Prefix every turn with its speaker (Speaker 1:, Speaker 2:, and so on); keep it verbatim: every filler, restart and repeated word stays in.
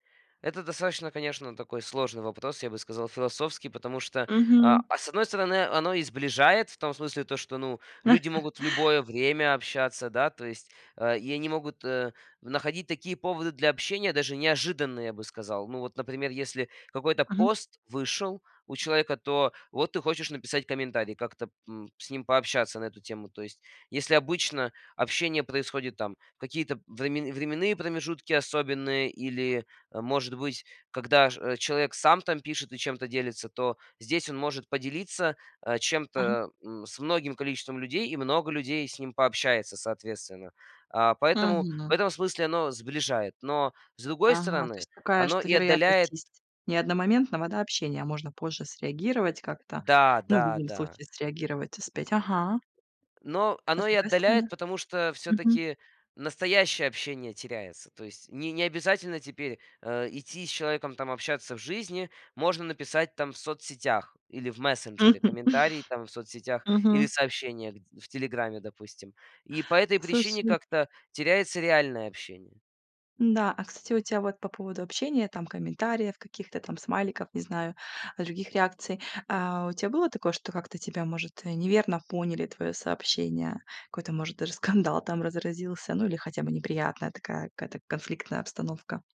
Speaker 1: Это достаточно, конечно, такой сложный вопрос, я бы сказал философский, потому что, а,
Speaker 2: Мгм.
Speaker 1: а с одной стороны, оно и сближает, в том смысле то, что ну люди могут в любое время общаться, да, то есть, а, и они могут, э, находить такие поводы для общения даже неожиданные, я бы сказал. Ну, вот, например, если какой-то
Speaker 2: Мгм.
Speaker 1: пост вышел у человека, то вот ты хочешь написать комментарий, как-то п м, с ним пообщаться на эту тему. То есть если обычно общение происходит там какие-то времен временные промежутки особенные или, э, может быть когда ж человек сам там пишет и чем-то делится, то здесь он может поделиться, а,
Speaker 2: Ага.
Speaker 1: чем-то, м, с многим количеством людей и много людей с ним пообщается соответственно. А поэтому в
Speaker 2: Мгм.
Speaker 1: этом смысле оно сближает, но с другой
Speaker 2: Ага, то
Speaker 1: стороны,
Speaker 2: есть такая,
Speaker 1: оно
Speaker 2: что
Speaker 1: и
Speaker 2: вероятность
Speaker 1: отдаляет
Speaker 2: есть не одномоментного, да, общения, а можно позже среагировать как-то,
Speaker 1: Да,
Speaker 2: ну в
Speaker 1: да,
Speaker 2: любом
Speaker 1: да.
Speaker 2: случае среагировать успеть. Ага.
Speaker 1: Но
Speaker 2: А с
Speaker 1: оно и
Speaker 2: другой стороны?
Speaker 1: отдаляет, потому что
Speaker 2: Мгм.
Speaker 1: всё-таки настоящее общение теряется. То есть ни не обязательно теперь, э, идти с человеком, там, общаться в жизни. Можно написать там в соцсетях или в мессенджере
Speaker 2: Мгм.
Speaker 1: комментарии там в соцсетях или
Speaker 2: Мгм.
Speaker 1: сообщения гд в телеграме, допустим. И по этой причине
Speaker 2: Слушай
Speaker 1: как-то теряется реальное общение.
Speaker 2: М-да, а кстати у тя вот по поводу общения, там комментариев, каких-то там смайликов, не знаю, других реакций. А у тя было такое, что как-то тебя может, э, неверно поняли твоё сообщение, какой-то может даже скандал там разразился, ну или хотя бы неприятная такая какая-то конфликтная обстановка?